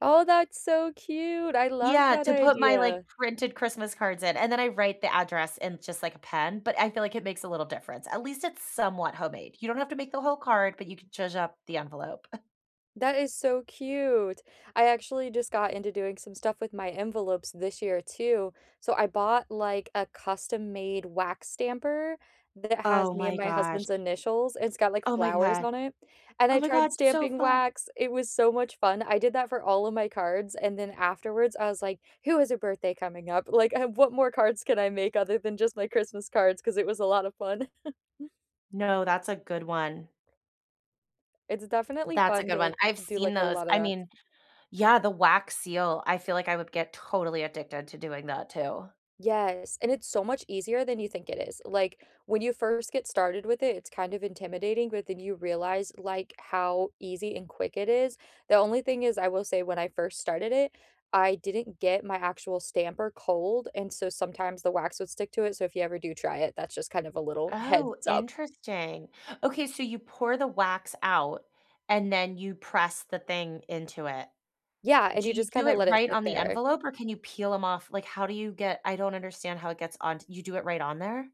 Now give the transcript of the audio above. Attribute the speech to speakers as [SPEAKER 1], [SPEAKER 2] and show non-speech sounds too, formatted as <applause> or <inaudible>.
[SPEAKER 1] Oh, that's so cute, I love
[SPEAKER 2] Yeah,
[SPEAKER 1] that
[SPEAKER 2] to put my, like,
[SPEAKER 1] idea.
[SPEAKER 2] printed Christmas cards in, and then I write the address in just, like, a pen, but I feel like it makes a little difference, at least it's somewhat homemade, you don't have to make the whole card, but you could zhuzh up the envelope. <chuckles>
[SPEAKER 1] That is so cute, I actually just got into doing some stuff with my envelopes this year, too, so I bought, like, a custom-made wax stamper that
[SPEAKER 2] Oh
[SPEAKER 1] has me and
[SPEAKER 2] my
[SPEAKER 1] my
[SPEAKER 2] gosh.
[SPEAKER 1] husband's initials, it's got, like,
[SPEAKER 2] Oh my
[SPEAKER 1] flowers
[SPEAKER 2] god,
[SPEAKER 1] on it, and I tried
[SPEAKER 2] that's so
[SPEAKER 1] stamping
[SPEAKER 2] fun.
[SPEAKER 1] wax, it was so much fun, I did that for all of my cards, and then afterwards, I was like, "Who has a birthday coming up?" Like, "I what more cards can I make other than just my Christmas cards?" 'Cause it was a lot of fun. <chuckles>
[SPEAKER 2] No, that's a good one.
[SPEAKER 1] It's definitely
[SPEAKER 2] That's a
[SPEAKER 1] fun
[SPEAKER 2] good one,
[SPEAKER 1] to
[SPEAKER 2] I've
[SPEAKER 1] do,
[SPEAKER 2] seen
[SPEAKER 1] like, a
[SPEAKER 2] those,
[SPEAKER 1] lot of
[SPEAKER 2] I
[SPEAKER 1] that
[SPEAKER 2] mean
[SPEAKER 1] s
[SPEAKER 2] yeah, the wax seal, I feel like I would get totally addicted to doing that, too.
[SPEAKER 1] Yes, and it's so much easier than you think it is, like, when you first get started with it, it's kind of intimidating, but then you realize, like, how easy and quick it is, the only thing is- I will say- when I first started it, I didn't get my actual stamper cold, and so sometimes the wax would stick to it, so if you ever do try it, that's just, kind of a little
[SPEAKER 2] Oh,
[SPEAKER 1] heads-up.
[SPEAKER 2] interesting, okay, so, you pour the wax out and then you press the thing into it?
[SPEAKER 1] Yeah, and
[SPEAKER 2] Do
[SPEAKER 1] you
[SPEAKER 2] you
[SPEAKER 1] just,
[SPEAKER 2] do
[SPEAKER 1] kinda
[SPEAKER 2] it
[SPEAKER 1] let it
[SPEAKER 2] right
[SPEAKER 1] sit
[SPEAKER 2] on the
[SPEAKER 1] there.
[SPEAKER 2] envelope or can you peel 'em off like, how do you get I don't understand how it gets on t you do it right on there?